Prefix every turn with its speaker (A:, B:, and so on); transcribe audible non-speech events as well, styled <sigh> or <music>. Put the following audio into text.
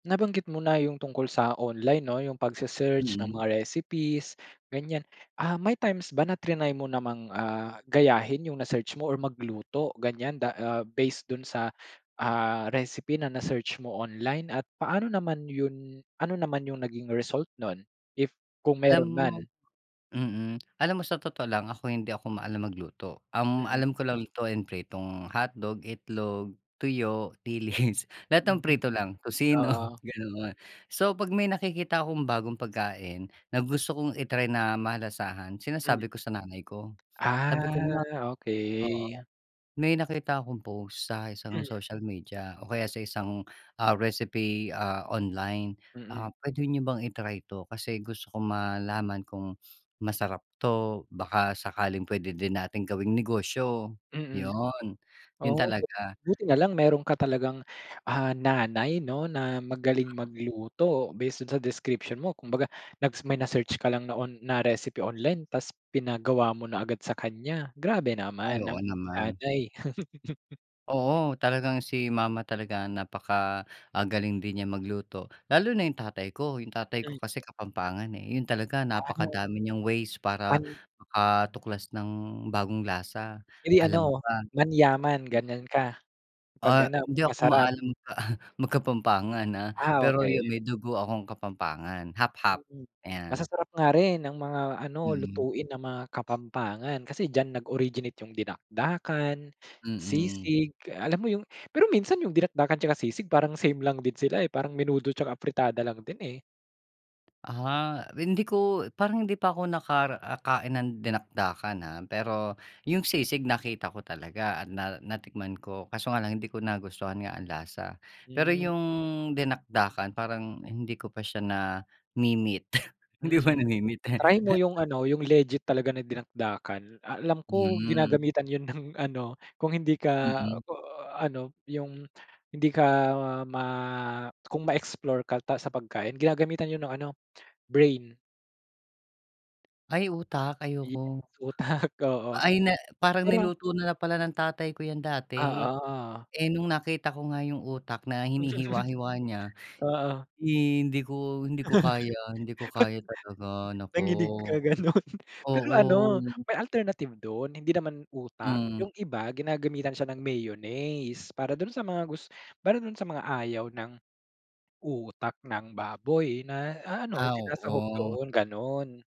A: Nabanggit mo na yung tungkol sa online 'no, yung pagse-search ng
B: Mm.
A: mga recipes gan'yan. Ah, may times ba trinay mo namang, ah, gayahin yung na search mo or magluto gan'yan da ah, based do'n sa, ah, recipe na na-search mo online at paano naman yung ano naman yung naging result no'n if kung
B: Alam
A: meron
B: mo,
A: man?
B: mm, alam mo sa totoo lang ako hindi ako maalam magluto. Ang
A: Mm.
B: alam ko lang lutuin pritong hotdog, itlog, tuyo, dilis, <chuckles> lahat ng
A: Mhm,
B: prito lang, tocino,
A: oo.
B: <chuckles> ganoon. So, pag may nakikita akong bagong pagkain na gusto kong i-try na malasahan
A: Hmm.
B: sinasabi ko sa nanay ko, sabi ko,
A: Ah,
B: "Ma," oo.
A: okey.
B: "May nakita akong post sa isang
A: Hmm.
B: social media o kaya sa isang, ah, recipe, ah, online,
A: Mm.
B: ah, puwede niyo bang i-try to kasi gusto ko malaman kung masarap 'to baka sakaling puwede din nating gawing negosyo,"
A: Mm.
B: 'yon 'yon
A: Oh, but
B: talaga.
A: buti na lang meron ka talagang, ah, nanay 'no na magaling magluto. Based do'n sa description mo kumbaga nag may na-search ka lang na on na recipe online tapos pinagawa mo na agad sa kanya grabe
B: Ay,
A: naman ang
B: oo naman.
A: nanay. <chuckles>
B: Oo, talagang si mama talaga napaka ah, galing din niya magluto lalo na yung tatay ko. Yung tatay ko
A: Hmm.
B: kasi Kapampangan, eh, 'yon talaga
A: Ah.
B: napakadami niyang ways para
A: Pan
B: makatuklas ng bagong lasa,
A: Eh, di
B: alam mo
A: ano
B: ba?
A: manyaman gan'yan ka? Pag
B: Ah,
A: ano pag
B: hindi ako
A: masarap?
B: maalam mag Kapampangan, ah,
A: Ah,
B: pero
A: okey.
B: yung may dugo akong Kapampangan half-half,
A: Hmm.
B: ayan.
A: Masasarap nga rin ang mga ano,
B: Mm.
A: lutuin ng mga Kapampangan kasi diyan nag originate yung dinakdakan,
B: Mm.
A: sisig alam mo 'yon. Pero minsan yung dinakdakan tsaka sisig parang same lang din sila, eh, parang menudo tsaka afritada lang din, eh.
B: Ah, hindi ko parang hindi pa ako nakain ng dinakdakan, ah. Pero yung sisig nakita ko talaga at na natikman ko kaso nga lang hindi ko nagustuhan nga ang lasa. Pero
A: Hmm.
B: yung dinakdakan parang hindi ko pa siya na-me-meet, <snorts> hindi pa
A: Mm.
B: na-meet.
A: Try mo
B: <chuckles>
A: yung ano yung legit talaga na dinakdakan. Alam ko
B: Hmm.
A: ginagamitan 'yon ng ano, kung hindi ka,
B: Mm.
A: ah, ano yung hindi ka ma kung ma-explore ka pa sa pagkain ginagamitan 'yon ng ano, brain.
B: Ay, utak ayoko.
A: Yes utak, oo.
B: Ay, na parang
A: Pero
B: niluto na pala ng tatay ko 'yan dati.
A: Oo.
B: Eh, nung nakita ko nga yung utak na hinihiwa-hiwa niya
A: <chuckles> Oo.
B: hindi ko, hindi ko kaya, hindi ko
A: <chuckles>
B: kaya talaga naku,
A: Nanginig ka gano'n. Pero
B: oo.
A: ano may alternative dun hindi naman utak.
B: Hmm.
A: Yung iba ginagamitan siya ng mayonnaise para dun sa mga gus para dun sa mga ayaw ng utak ng baboy na ano,
B: Ah,
A: sinasahog
B: oo.
A: doon, gano'n.